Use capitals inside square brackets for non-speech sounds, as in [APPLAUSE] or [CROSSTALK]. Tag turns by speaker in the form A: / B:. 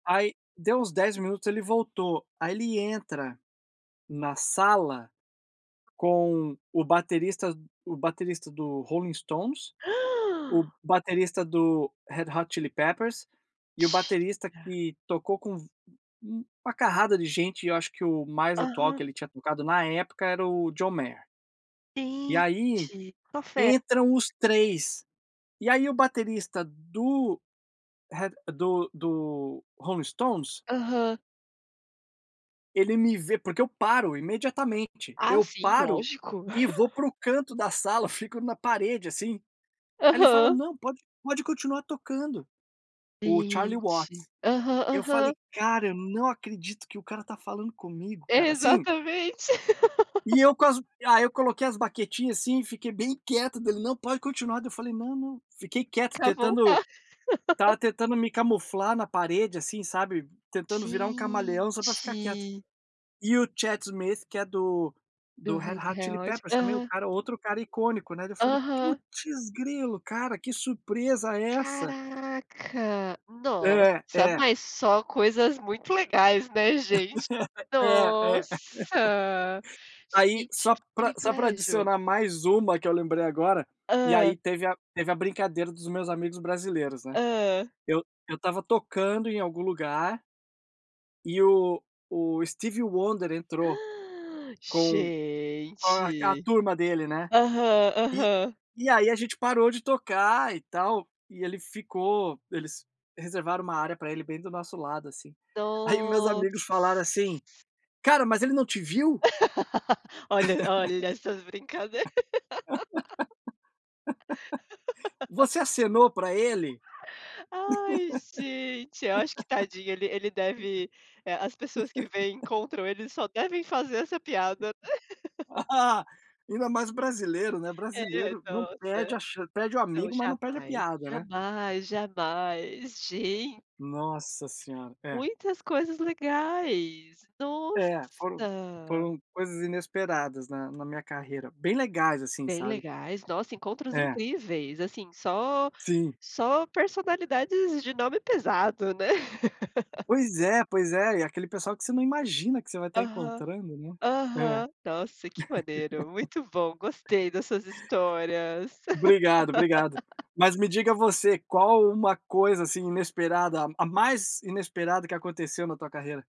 A: Aí deu uns 10 minutos ele voltou. Ai ele entra na sala com o baterista o baterista do Rolling Stones,
B: [GASPS]
A: baterista do Red Hot Chili Peppers e o baterista
B: Mentira!
A: que tocou com uma carrada de gente e eu acho que o mais atual
B: Aham.
A: que ele tinha tocado na época era o John Mayer. E aí
B: Gente [UNINTELLIGIBLE]
A: entram os 3. E aí o baterista do Red do do Rolling Stones.
B: Aham.
A: Ele me vê, porque eu paro imediatamente,
B: A
A: eu
B: sim,
A: paro
B: lógico.
A: e vou para o canto da sala, fico na parede assim. Aí ele fala:
B: Aham.
A: "Não, pode pode continuar tocando", o Charlie
B: Gente,
A: Watts.
B: aham,
A: Eu
B: aham.
A: falei: "Cara, eu não acredito que o cara tá falando comigo, cara", assim
B: Exatamente.
A: E
B: [LAUGHS]
A: eu com as aí eu coloquei as baquetinha, assim, e fiquei bem quieto, daí ele: "Não, pode continuar", daí eu falei: "Não não", fiquei quieto
B: Pra
A: tentando,
B: voltar.
A: estava
B: [LAUGHS]
A: tentando me camuflar na parede assim sabe, tentando virar um camaleão só para ficar quieto.
B: Gente.
A: E o Chad Smith que é do
B: Do
A: do Red
B: Red
A: Hot Chili
B: Red
A: Peppers também o
B: Hot.
A: cara outro cara icônico, né, daí eu falei:
B: Aham.
A: "Putz grilo cara, que surpresa é essa?".
B: Caraca,
A: É,
B: nossa,
A: é.
B: mas só coisas muito legais, né, gente.
A: [LAUGHS] É é. [LAUGHS]
B: Nossa,
A: Aí
B: gente
A: só
B: que
A: para só para
B: privilégio.
A: adicionar mais uma que eu lembrei agora, e
B: Hã.
A: aí teve a teve a brincadeira dos meus amigos brasileiros, né.
B: Hã.
A: Eu eu estava tocando em algum lugar, e o o Steve Wonder entrou,
B: [GASPS]
A: com com a a
B: Gente,
A: turma dele, né.
B: aham,
A: E
B: aham.
A: e aí, a gente parou de tocar e tal, e ele ficou eles reservaram uma área para ele bem do nosso lado, assim. Aí meus amigos
B: Noss
A: falaram assim, cara, mas ele não te viu?
B: [LAUGHS] Olha olha essas brincadeira.
A: [LAUGHS]
B: [LAUGHS]
A: Você acenou para ele?
B: Ai gente, acho que tadinho ele ele deve eh, as pessoas que vêm
A: [LAUGHS]
B: encontram eles só devem fazer essa piada. [LAUGHS]
A: Ah, ainda mais brasileiro, né,
B: É
A: brasileiro não
B: nossa,
A: perde a chan perde o
B: não
A: amigo mas não pede a
B: jamais,
A: piada, né.
B: jamais, jamais, gen
A: Nossa senhora. É.
B: Muitas coisas legais,
A: É, foram
B: nossa.
A: foram coisas inesperadas na na minha carreira bem legais assim,
B: Bem
A: sabe?
B: legais, nossa encontros
A: É.
B: incríveis assim só
A: Sim.
B: só personalidades de nome pesado, né. [LAUGHS]
A: Pois é, pois é e aquele pessoal que você não imagina que você vai tá
B: Aham,
A: encontrando, né, é. [LAUGHS]
B: aham, nossa que maneiro, muito bom, gostei dessas histórias.
A: Obrigado, obrigado.
B: [LAUGHS]
A: Mas me diga você, qual uma coisa assim inesperada a mais inesperada que aconteceu na tua carreira?